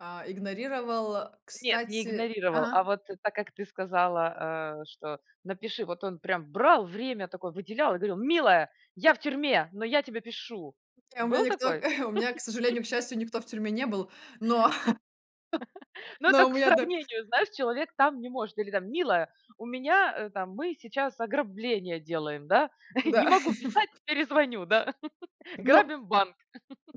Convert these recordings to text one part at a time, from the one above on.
А, игнорировал, Нет, не кстати игнорировал. Ага. А, вот так, как ты сказала, э, что напиши, вот он прям брал время такое, выделял и говорил: "Милая, я в тюрьме, но я тебе пишу". Не, у меня Был никто такой? у меня, к сожалению, к счастью, никто в тюрьме не был, но Ну, но это у к меня, да сравнению, знаешь человек там не может Или там: "Милая, у меня, э, там, мы сейчас ограбление делаем, да, не Да. могу писать- перезвоню, да. Ну, Грабим банк".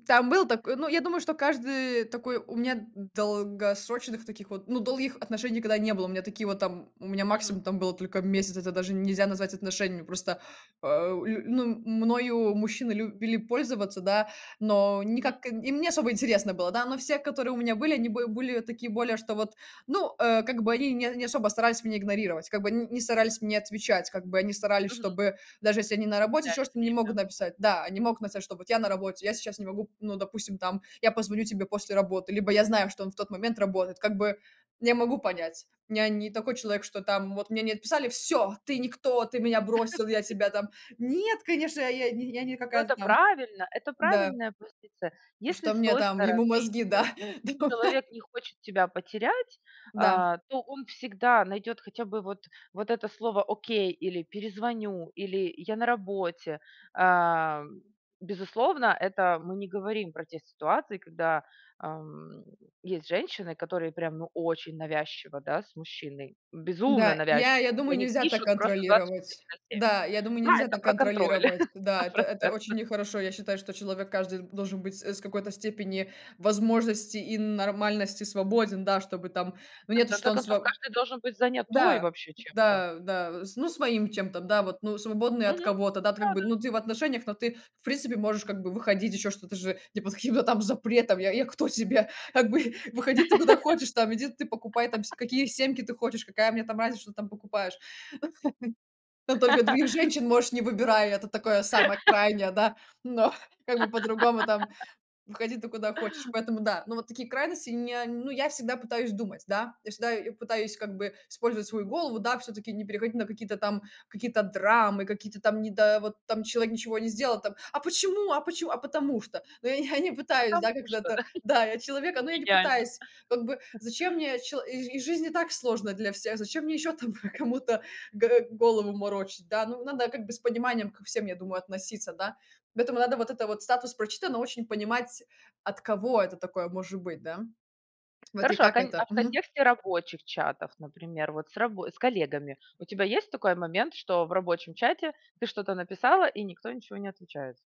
там был такой. Ну, я думаю, что каждый такой у меня д долгосрочных таких вот, ну, долгих отношений никогда не было, у меня такие, вот там, у меня Мгм. максимум, там было только месяц, это даже нельзя назвать отношениями. Просто, а, лю ну мною мужчины любили пользоваться, да, но Мгм. никак им не особо интересно было, да, но все, которые у меня были, они бы были такие более, что вот Ну, э, как бы они не не особо старались меня игнорировать, как бы н ни старались мне отвечать, как бы они старались, Мгм. чтобы даже если они на работе, еще Потеряли что-то, не время. могут написать. Да, они могут написать, что вот: "Я на работе, я сейчас не могу", ну, допустим, там, я позвоню тебе после работы, либо я знаю, что он в тот момент работает, как бы, я могу понять, я не такой человек, что там, вот мне не написали: "Всё, ты- никто, ты меня бросил, я тебя там" Нет, конечно, я я я не Ну, какая-то это там. правильно. Это Да правильная позиция. Если Что с мне той там, стороны, ему э, мозги, да, да. человек не хочет тебя потерять, Да. а, то он всегда найдёт хотя бы вот вот это слово "окей", или "перезвоню", или "я на работе". А безусловно, это мы не говорим про те ситуации, когда, ам, есть женщины, которые прям ну очень навязчиво, да, с мужчиной, безумно М-да, я навязчивы. я Вот думаю, они нельзя так пишут просто двадцать контролировать. четыре на 7.. Да, я думаю, Да, нельзя это так про контроль. контролировать. сто Да, это это процентов. очень нехорошо. Я считаю, что человек каждый должен быть с какой-то степени возможности и нормальности свободен, да. Чтобы там ну, Да, в нет, что конце он концов, сво каждый должен быть занятой, Да, вообще, чем-то. да, да. Ну с своим чем-то, да, вот, ну, свободный от Мгм. кого-то, да, как бы, Да-да. ну, ты в отношениях, но ты, в принципе, можешь как бы выходить, еще что-то же, не под каким-то там запретом. Я я кто тебе? Как бы, выходи ты куда хочешь там, иди ты покупай, там, се какие семки ты хочешь, какая мне там разница, что ты там покупаешь. Ну, только, других женщин можешь не выбирай, это такое самое крайнее, да. Но, как бы по-другому, там, выходи ты куда хочешь. Поэтому да Но вот такие крайности не ну, я всегда пытаюсь думать, да. Я всегда пытаюсь как бы использовать свою голову, да, всё-таки не переходить на какие-то там какие-то драмы, какие-то там не да, вот там человек ничего не сделал, там: "А почему а почему?" А потому что. Но я я не пытаюсь, Потому да, что, когда-то, д да, я- человек, но я не идеально. пытаюсь как бы, зачем мне, чело и жи жизнь и так сложно для всех, зачем мне ещё там про кому-то г голову морочить, да. Ну надо как бы с пониманием ко всем, я думаю, относиться, да. Поэтому, надо вот это вот статус "прочитано", очень понимать, от кого это такое может быть, да. Вот и Хорошо, а, как кон а, это. в Мгм. контексте рабочих чатов, например, вот с раб с коллегами, у тебя есть такой момент, что в рабочем чате ты что-то написала и никто ничего не отвечает?